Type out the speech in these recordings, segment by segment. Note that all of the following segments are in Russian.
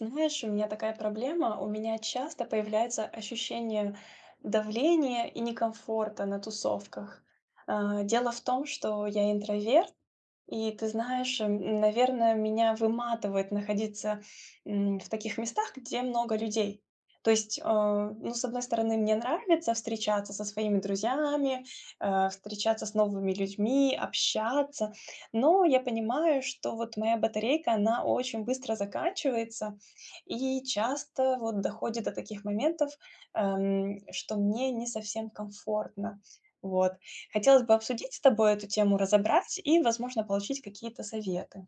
Ты знаешь, у меня такая проблема, у меня часто появляется ощущение давления и некомфорта на тусовках. Э, дело в том, что я интроверт, и ты знаешь, м, наверное, меня выматывает находиться, м, в таких местах, где много людей. То есть, а, ну, с одной стороны, мне нравится встречаться со своими друзьями, э, встречаться с новыми людьми, общаться, но я понимаю, что вот моя батарейка, она очень быстро заканчивается, и часто вот доходит до таких моментов, эм, что мне не совсем комфортно. Вот. Хотелось бы обсудить с тобой эту тему, разобрать и, возможно, получить какие-то советы.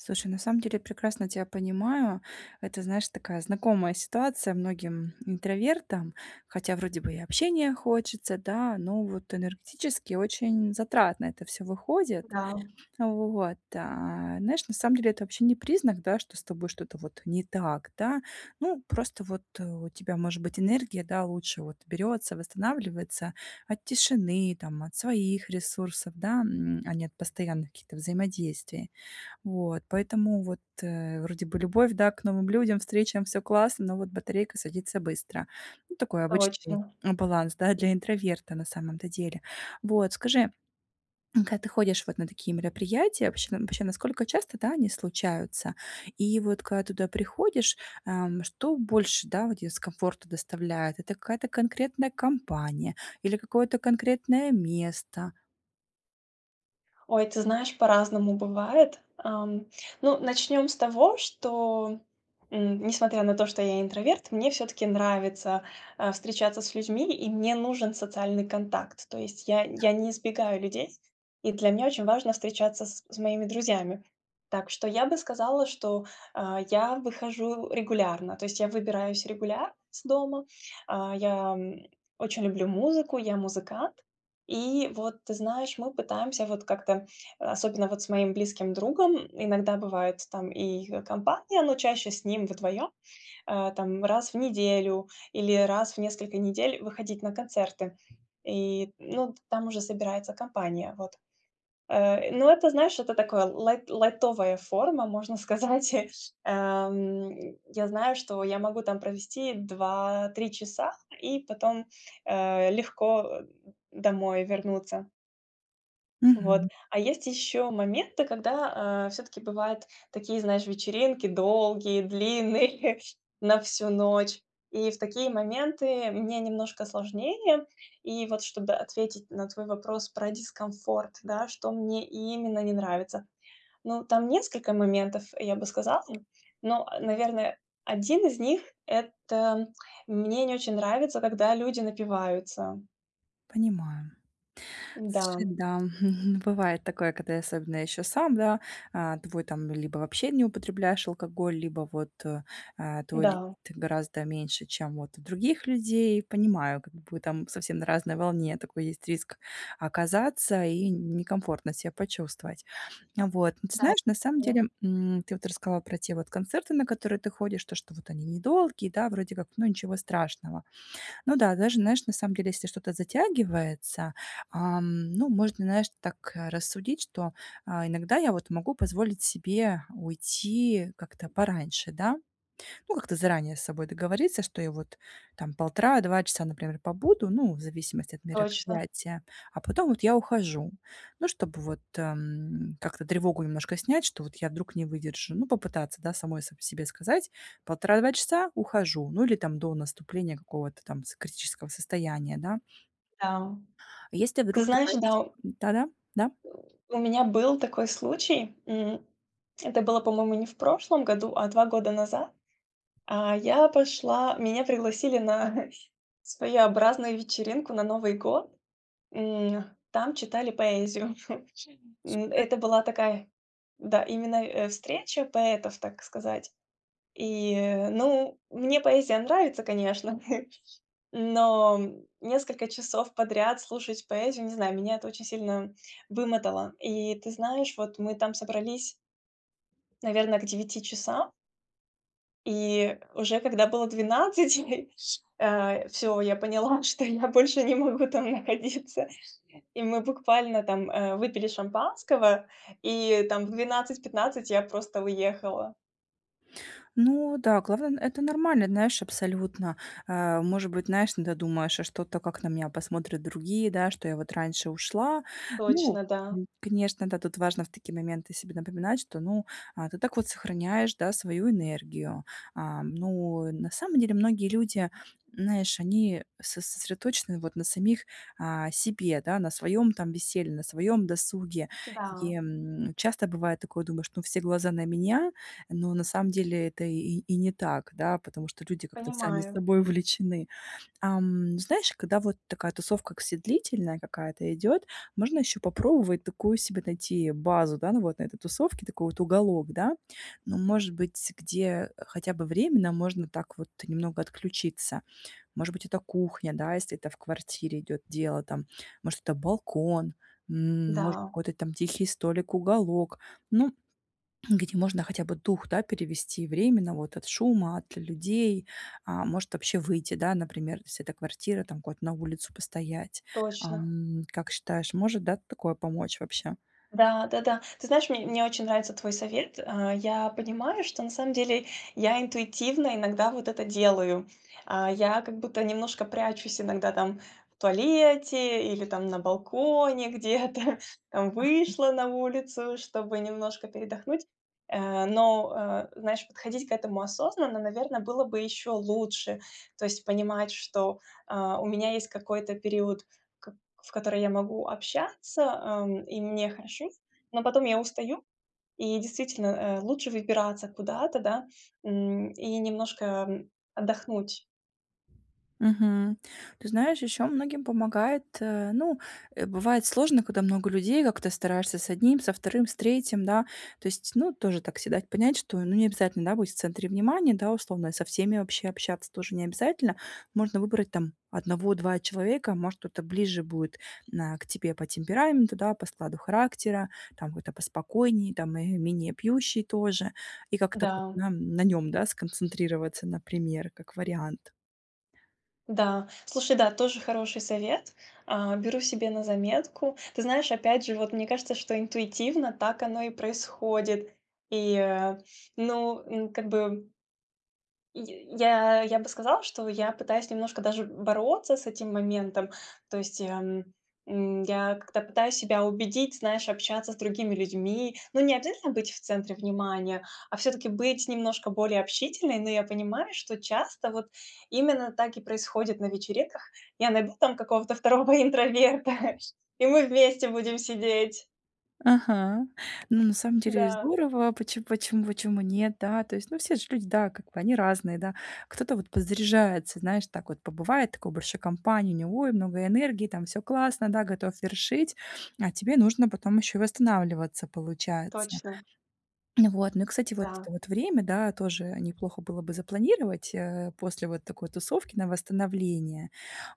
Слушай, на самом деле я прекрасно тебя понимаю. Это, знаешь, такая знакомая ситуация многим, интровертам, хотя вроде бы и общения хочется, да. Но вот энергетически очень затратно это всё выходит. Да. Вот. А, знаешь, на самом деле это вообще не признак, да, что с тобой что-то вот не так, да. Ну, просто вот у тебя, может быть, энергия, да, лучше вот берётся, восстанавливается от тишины, там, от своих ресурсов, да, м, а не от постоянных каких-то взаимодействий. Вот, поэтому вот вроде бы любовь, да, к новым людям, встречам, всё классно, но вот батарейка садится быстро. Ну, такой обычный Точно. баланс, да, для интроверта на самом-то деле. Вот скажи, м, когда ты ходишь вот на такие мероприятия, вообще вообще насколько часто, да, они случаются? И вот когда туда приходишь, эм, что больше, да, вот дискомфорт доставляет? Это какая-то конкретная компания или какое-то конкретное место? Ой, ты знаешь, по-разному бывает. Ам, ну начнем с того, что, м, несмотря на то, что я интроверт, мне всё-таки нравится, а, встречаться с людьми, и мне нужен социальный контакт. То есть, я Да. я не избегаю людей, и для меня очень важно встречаться с с моими друзьями. Так что я бы сказала, что, а, я выхожу регулярно, то есть я выбираюсь регулярно из дома. А, я, м, очень люблю музыку, я- музыкант. И вот, ты знаешь, мы пытаемся вот как-то, особенно вот с моим близким другом, иногда бывает там и компания, но чаще с ним вдвоем, а, там, раз в неделю или раз в несколько недель выходить на концерты. И, ну, там уже собирается компания, вот. Э, ну это, знаешь, это такое, лайт лайтовая форма, можно сказать. Ам, я знаю, что я могу там провести 2-3 часа и потом, э, легко, э, домой вернуться. Вот. Мгм. А есть еще моменты, когда, а, всё-таки бывают такие, знаешь, вечеринки долгие, длинные на всю ночь. И в такие моменты мне немножко сложнее. И вот, чтобы ответить на твой вопрос про дискомфорт, да, что мне именно не нравится. Ну, там несколько моментов, я бы сказала, но, наверное, 1 из них- это- мне не очень нравится, когда люди напиваются. Понимаю. Слушай, Н-да. да, хм, хм, бывает такое, когда и особенно ещё сам, да, а, твой там либо вообще не употребляешь алкоголь, либо вот, э, э, твой ли Да. ты гораздо меньше, чем вот у других людей. Понимаю, как бы вы там совсем на разной волне. Такой есть риск оказаться и некомфортно ся почувствовать. Вот. Но, ты Дат знаешь, на самом ну деле, м, ты вот рассказала про те вот концерты, на которые ты ходишь. То, что вот они не долгие, да, вроде как- ну ничего страшного. Ну да, даже, знаешь, на самом деле, если что-то затягивается, ам, ну, можно, знаешь, так рассудить, что, а, иногда я вот могу позволить себе уйти как-то пораньше, да. Ну, как-то заранее с собой договориться, что я вот там 1,5-2 часа, например, побуду. Ну, в зависимости от Точно. мероприятия, а потом вот я ухожу. Ну, чтобы вот, эм, как-то тревогу немножко снять, что вот я вдруг не выдержу. Ну, попытаться, да, самой с себе сказать: "1,5-2 часа- ухожу". Ну, или там до наступления какого-то там с критического состояния, да. Да. Если Ты вдруг ты знаешь, пать да. Да-да, да. У меня был такой случай. М, это было, по-моему, не в прошлом году, а 2 года назад. А, я пошла меня пригласили на своеобразную вечеринку на Новый год. М, там читали поэзию. Скарь Это была такая Да, именно, э, встреча поэтов, так сказать. И, ну мне поэзия нравится, конечно. Но, м, несколько часов подряд слушать поэзию- не знаю, меня это очень сильно вымотало. И, ты знаешь, вот мы там собрались наверно, к 9 часам. И уже когда было 12, э, ш э, всё, я поняла, что я больше не могу там находиться, и мы буквально там, э, выпили шампанского и, там, в 12:15 я просто уехала. Ну да, главное- это нормально, знаешь, абсолютно. Э, может быть, знаешь, иногда думаешь: "А что-то, как на меня посмотрят другие, да, что я вот раньше ушла?" Ну, Точно, да. м, конечно, да, тут важно в такие моменты себе напоминать, что, ну, а, ты так вот сохраняешь, да, свою энергию. А, ну, на самом деле, многие люди, знаешь, они со сосредоточены вот на самих, а, себе, да, на своем там веселье, на своем досуге. И, Да. м, часто бывает такое, думаешь: "Ну все глаза на меня". Но на самом деле это и и не так, да, потому что люди как-то сами Понимаю. собой увлечены. Ам, знаешь, когда вот такая тусовка к се длительная какая-то идет, можно еще попробовать такую себе найти базу, да, на вот этой тусовке, такой вот уголок, да. Ну, может быть, где хотя бы временно можно так вот немного отключиться. Может быть, это кухня, да, если это в квартире идет дело там. Может, это балкон, м, может, Да. какой-то там тихий столик, уголок. Ну, где можно хотя бы дух, да, перевести временно вот от шума, от людей, а, может вообще выйти, да, например, если эта квартира, там куда-то на улицу постоять. Точно. Ам, как считаешь, может, да, такое помочь вообще? Да-да-да, ты знаешь, мне мне очень нравится твой совет. Э, я понимаю, что на самом деле я интуитивно иногда вот это делаю, а, я как будто немножко прячусь иногда, там в туалете или там на балконе где-то, там, Ага. вышла на улицу, чтобы немножко передохнуть. Э, но, э, знаешь, подходить к этому осознанно, наверно, было бы еще лучше, то есть понимать что, э, у меня есть какой-то период, в ко в который я могу общаться, эм, и мне хорошо, но потом я устаю и, действительно, э, лучше выбираться куда-то, да, м, и немножко, м, отдохнуть. Мгм. Ты знаешь, еще многим помогает, э, ну э, бывает сложно, когда много людей. Как-то стараешься с 1, со 2, с 3, да. То есть, ну тоже так се дать понять, что, ну, не обязательно, да, быть в центре внимания, да, условно, со всеми вообще общаться тоже не обязательно. Можно выбрать там 1-2 человека, может, кто-то ближе будет на к тебе по темпераменту, да, по складу характера, там какой-то поспокойнее, там, э, менее пьющий тоже. И как-то вот Да. на на нём, да, сконцентрироваться, например, как вариант. Да, слушай, да, тоже хороший совет, а, беру себе на заметку. Ты знаешь, опять же, вот мне кажется, что интуитивно так оно и происходит. И, э, ну ну как бы И я я бы сказала, что я пытаюсь немножко даже бороться с этим моментом, то есть я, м, м, я как-то пытаюсь себя убедить, знаешь, общаться с другими людьми. Но не обязательно быть в центре внимания, а всё-таки быть немножко более общительной. Но я понимаю, что часто вот именно так и происходит на вечеринках. Я найду там какого-то второго интроверта, и мы вместе будем сидеть. Ага, ну, на самом деле Да. здорово, почем почем почему нет, да? То есть, ну, все же люди, да, как бы они разные, да. Кто-то вот подзаряжается, знаешь, так вот побывает, такой большой компании, у него, ой, много энергии, там всё классно, да, готов вершить, а тебе нужно потом ещё и восстанавливаться, получается. Точно. Ну вот. Ну кстати, вот Да. это вот время, да, тоже неплохо было бы запланировать, э, после вот такой тусовки на восстановление.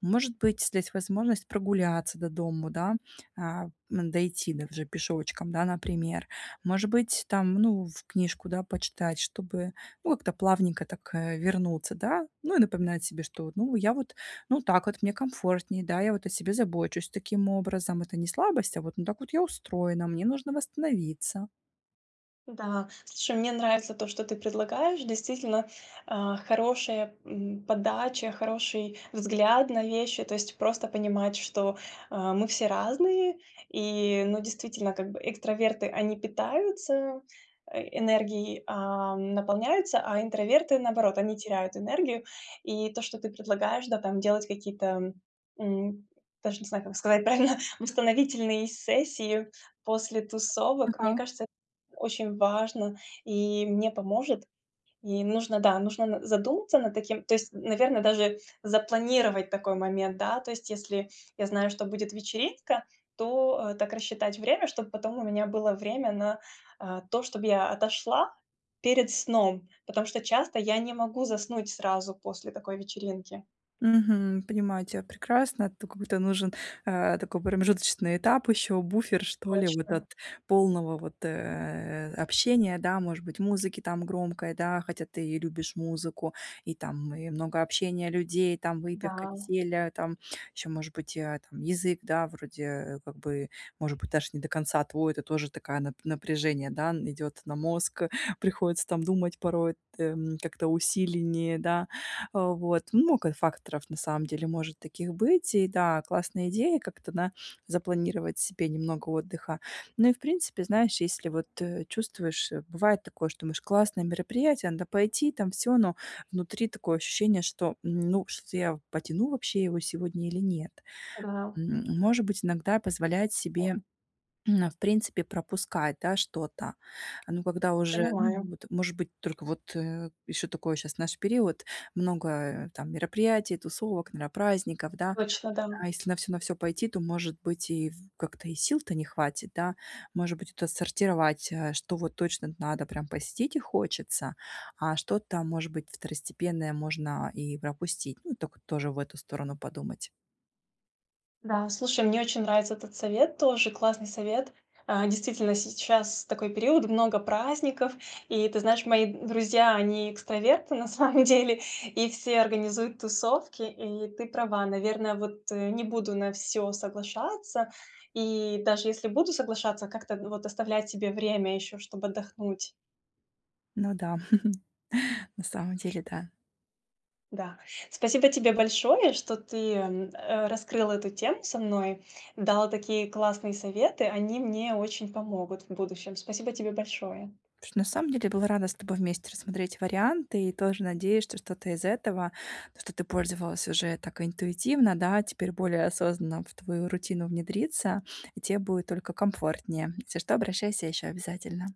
Может быть, здесь возможность прогуляться до дому, да, а, м, дойти до уже пешочком, да, например. Может быть, там, ну, в книжку, да, почитать, чтобы, ну, как-то плавненько так, э, вернуться, да. Ну и напоминать себе, что вот, ну, я вот, ну так вот мне комфортней, да, я вот о себе забочусь таким образом, это не слабость, а вот ну так вот я устроена, мне нужно восстановиться. Да, слушай, мне нравится то, что ты предлагаешь. Действительно, э, хорошая, м, подача, хороший взгляд на вещи, то есть просто понимать, что, а, мы все разные и ну, действительно, как бы экстраверты- они питаются, э, энергией, а, наполняются, а интроверты, наоборот, они теряют энергию. И то, что ты предлагаешь, да, там делать какие-то, м, даже не знаю, как сказать правильно, восстановительные сессии после тусовок, мне Ага. кажется, эт очень важно и мне поможет. И нужно, да, нужно н задуматься над таким, то есть, наверно, даже запланировать такой момент, да, то есть если я знаю, что будет вечеринка, то так рассчитать время, чтоб потом у меня было время на, а, то, чтоб я отошла перед сном, потому что часто я не могу заснуть сразу после такой вечеринки. Мгм, понимаю тя прекрасно, тут как будто нужен, э, такой промежуточный этап, ещё буфер, что ли, вот Точно. от полного вот, э, общения, да, может быть, музыки там громкой, да, хотя ты и любишь музыку, и там и много общения людей, там выпивка, Да. веселье, там ещё может быть и, а, там язык, да, вроде, э, как бы, может быть, даже не до конца твой, это тоже такая нап напряжение, да, идёт на мозг, приходится там думать порой там как-то усиленнее, да, вот. Много факторов, на самом деле, может таких быть. И да, классная идея- как-то, да, запланировать себе немного отдыха. Ну и в принципе, знаешь, если вот чувствуешь бывает такое, что думаешь, классное мероприятие, надо пойти, там всё. Но внутри такое ощущение, что, ну, что-то я потяну вообще его сегодня или нет? Да. М, может быть, иногда позволять себе, м, а, в принципе пропускать, да, что-то. Ну, когда уже, ну Понимаю. вот может быть только вот, э, ещё такое щас, знаешь, период, много там мероприятий, тусовок, наверно, праздников, да. Точно, да. А если на всё на всё пойти, то, может быть, и в как-то и сил-то не хватит, да. Может быть, это сортировать, э, что вот точно надо прям посетить и хочется, а что там, может быть, второстепенное можно и пропустить. Ну, так вот тоже в эту сторону подумать. Да, слушай, мне очень нравится этот совет, тоже классный совет. Э, действительно, сейчас такой период, много праздников, и ты знаешь, мои друзья, они экстраверты на самом деле, и все организуют тусовки, и ты права, наверное, вот не буду на всё соглашаться и, даже если буду соглашаться, как-то вот оставлять себе время еще, чтоб отдохнуть. Ну да, на самом деле, да. Да. Спасибо тебе большое, что ты, м, э, раскрыл эту тему со мной, дал такие классные советы, они мне очень помогут в будущем. Спасибо тебе большое! Потому что на самом деле была рада с тобой вместе рассмотреть варианты и тоже надеюсь, что что-то из этого, что ты пользовалась уже так интуитивно, да, теперь более осознанно в твою рутину внедрится и те будет только комфортнее. Если что, обращайся еще обязательно!